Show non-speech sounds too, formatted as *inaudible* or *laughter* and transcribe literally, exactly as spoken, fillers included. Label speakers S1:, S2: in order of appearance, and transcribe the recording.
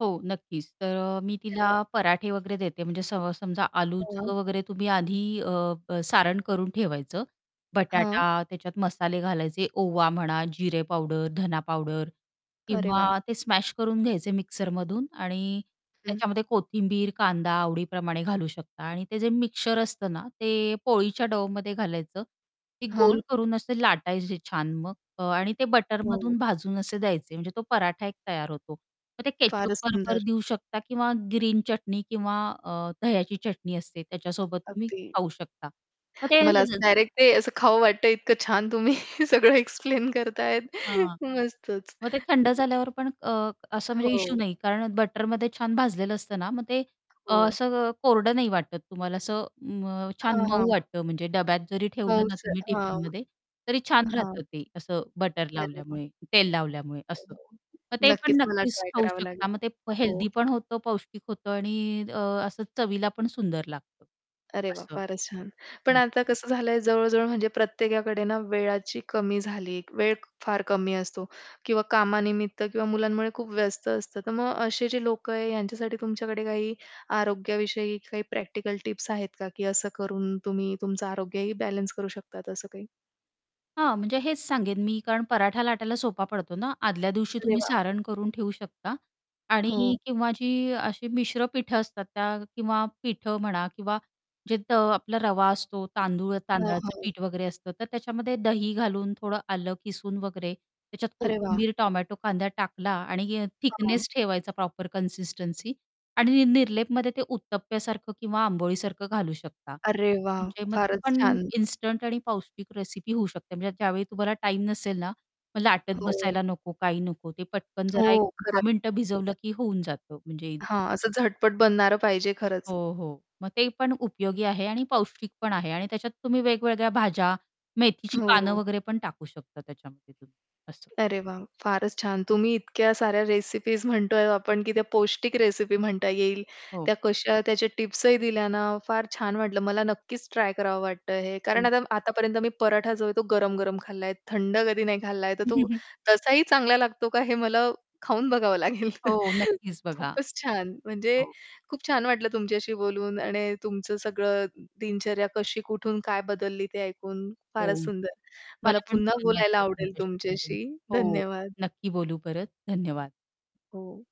S1: हो, नक्कीच तर अ, मी
S2: अरे
S1: तिला
S2: वाह!
S1: पराठे वगैरे देते, म्हणजे स समजा
S2: हं.
S1: आलूचं वगैरे तुम्ही आधी अ, सारण करून ठेवायचं.
S2: हां.
S1: बटाटा त्याच्यात मसाले घालायचे, ओवा म्हणा, जिरे पावडर, धना पावडर
S2: अरे वाह!
S1: किंवा ते स्मॅश करून घ्यायचे मिक्सरमधून आणि
S2: हं.
S1: त्याच्यामध्ये कोथिंबीर, कांदा आवडीप्रमाणे घालू शकता आणि ते जे मिक्सचर असतं ना, ते पोळीच्या डोवमध्ये घालायचं. ती गोल
S2: हां.
S1: करून असे लाटायचे छान मग आणि ते
S2: हो.
S1: बटरमधून भाजून असे द्यायचे म्हणजे तो पराठा एक तयार होतो. मग ते केचप
S2: फारचं
S1: बरोबर
S2: सुंदर.
S1: देऊ शकता किंवा ग्रीन चटणी किंवा अ, दह्याची चटणी असते, त्याच्यासोबत तुम्ही
S2: अगदी.
S1: खाऊ शकता. मग ते
S2: मला असं
S1: *unintelligible*
S2: डायरेक्ट असं खावं वाटत, इतकं छान तुम्ही सगळं एक्सप्लेन करत आहेत.
S1: हां,
S2: मस्तच.
S1: मग ते थंड
S2: *unintelligible*
S1: झाल्यावर पण अ, असं म्हणजे इश्यू
S2: हो.
S1: नाही कारण बटरमध्ये छान भाजलेलं असतं ना, मग ते अ,
S2: हो.
S1: असं कोरडं नाही वाटत तुम्हाला असं मग छान अ,
S2: हां,
S1: मऊ
S2: हां.
S1: वाटतं म्हणजे डब्यात जरी ठेवलं ना, तुम्ही
S2: *unintelligible* हां.
S1: टिफिनमध्ये तरी छान
S2: हां.
S1: राहतं ते असं बटर
S2: अरे वाह!
S1: लावल्यामुळे, तेल लावल्यामुळे असं.
S2: *unintelligible*
S1: मग ते पण
S2: नक्कीच मला
S1: नक्कीच
S2: ट्राय
S1: खाऊ
S2: करावं लागेल.
S1: शकता मग ते
S2: हो.
S1: हेल्थी पण होतं, पौष्टिक होतं आणि अ, असं चवीला पण सुंदर लागतं
S2: अरे वाह!
S1: असं.
S2: फारच छान पण
S1: हं.
S2: आता कसं झालं आहे, जवळ-जवळ म्हणजे प्रत्येकाकडे ना, वेळाची कमी झाली वेळ फार कमी असतो. किंवा कामानिमित्त किंवा मुलांमुळे खूप व्यस्त असतं. तर मग असे जे लोक आहे, यांच्यासाठी तुमच्याकडे काही आरोग्याविषयी काही प्रॅक्टिकल टिप्स आहेत का, की असं करून तुम्ही तुमचं आरोग्यही बॅलन्स करू शकतात असं काही?
S1: हां, म्हणजे हेच सांगेन, मी कारण पराठा लाटायला सोपा पडतो ना. आदल्या दिवशी
S2: अरे
S1: तुम्ही
S2: वाह!
S1: सारण करून ठेऊ शकता आणि
S2: हो.
S1: किंवा जी अशी मिश्र पिठं असतात, त्या किंवा पिठं म्हणा किंवा जे त आपला रवा असतो, तांदूळ
S2: हां,
S1: तांदळाचं
S2: हां.
S1: पीठ वगैरे असतं, तर त्याच्यामध्ये दही घालून, थोडं आलं खिसुन वगैरे त्याच्यात
S2: अरे वाह!
S1: कोथिंबीर, टोमॅटो, कांदा टाकला. आणि
S2: हां.
S1: थिकनेस ठेवायचा, प्रॉपर कन्सिस्टन्सी. आणि निरलेपमध्ये ते उत्तप्प्यासारखं किंवा आंबोळीसारखं घालू शकता.
S2: अरे वाह!
S1: म्हणजे मग ती
S2: फारच
S1: पण
S2: छान.
S1: इन्स्टंट आणि पौष्टिक रेसिपी होऊ शकते, म्हणजे ज्यावेळी तुम्हाला टाईम नसेल ना मग लाटत
S2: हो.
S1: बसायला नको, काही नको. ते पटकन जरा एक
S2: हो, खरंच.
S1: दहा मिनिटं भिजवलं,
S2: *unintelligible*
S1: की होऊन जातं म्हणजे
S2: हां, असं झटपट बनणारं पाहिजे खरंच.
S1: हो, हो. मग ते पण उपयोगी आहे आणि पौष्टिक पण आहे. आणि त्याच्यात तुम्ही वेगवेगळ्या भाज्या, मेथीची पानं
S2: हो.
S1: वगैरे पण टाकू शकता त्याच्यामध्ये तुम्ही असं.
S2: अरे वाह! फारच छान. तुम्ही इतक्या साऱ्या रेसिपीज म्हणतो आहे आपण, की त्या पौष्टिक रेसिपी म्हणता येईल.
S1: हो.
S2: त्या कशा त्याचे टिप्स ही दिल्या ना, फार छान वाटलं मला नक्कीच ट्राय करावं वाटतं हे. कारण
S1: हं.
S2: आता आतापर्यंत मी पराठा जो आहे तो गरम-गरम खाल्ला आहे थंड कधी नाही खाल्ला आहे. तर तो
S1: *chuckles*
S2: तसाही चांगला लागतो का हे मला खाऊन बघावं लागेल.
S1: हो नक्कीच बघा.
S2: खूपच छान, म्हणजे
S1: हो.
S2: खूप छान वाटलं तुमच्याशी बोलून. आणि तुमचं सगळं दिनचर्या कशी कुठून काय बदलली ते ऐकून,
S1: हो.
S2: फारच सुंदर. मला
S1: मला पण
S2: पुन्हा
S1: छान
S2: बोलायला
S1: वाटलं,
S2: आवडेल
S1: तुमच्याशी बोलून
S2: तुमच्याशी.
S1: हो.
S2: धन्यवाद.
S1: नक्की बोलू परत धन्यवाद.
S2: हो.